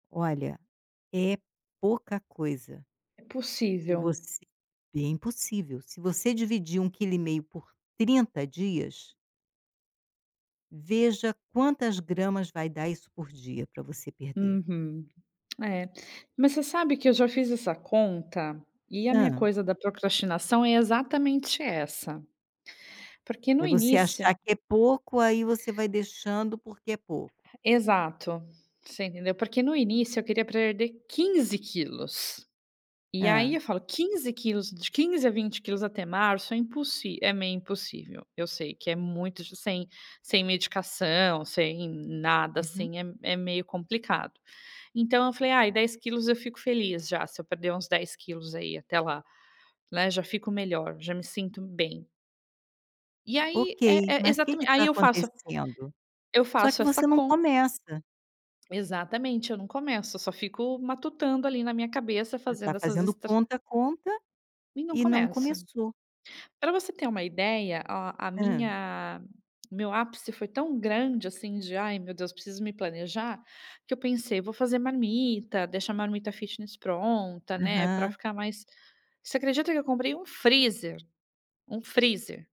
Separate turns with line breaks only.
Olha, é pouca coisa
É
se
possível.
você bem possível, se você dividir um quilo e meio por 30 dias veja quantas gramas vai dar isso por dia para você perder.
Uhum. É, mas você sabe que eu já fiz essa conta, e a minha
Hã?
coisa da procrastinação é exatamente essa. Porque no
É você
início
achar que é pouco aí você vai deixando porque é pouco.
Exato, você entendeu. Porque no início eu queria perder 15 quilos. E aí eu
Ha.
falo 15 quilos, de 15 a 20 quilos até março é impossi é meio impossível, eu sei que é muito sem sem medicação, sem nada,
Uhum.
assim, é é meio complicado. Então eu falei: "Ai 10 quilos eu fico feliz já, se eu perder uns 10 quilos aí até lá, né, já fico melhor, já me sinto bem." E aí,
Ok
é é
mas que que
aí
está
eu faço
acontecendo?
eu
Só que
faço essa
você não
conta
começa.
exatamente, eu não começo, eu só fico matutando ali na minha cabeça
Você está
fazendo essas
fazendo
estra
conta conta,
e não
e não
começo.
começou.
Para você ter uma ideia, a a
Ham?
minha o meu ápice foi tão grande, assim, de: "Ai meu Deus, preciso me planejar." Que eu pensei: "Vou fazer marmita, deixar a marmita fitness pronta, né, para
Aham.
ficar mais" Você acredita que eu comprei um freezer? Um freezer.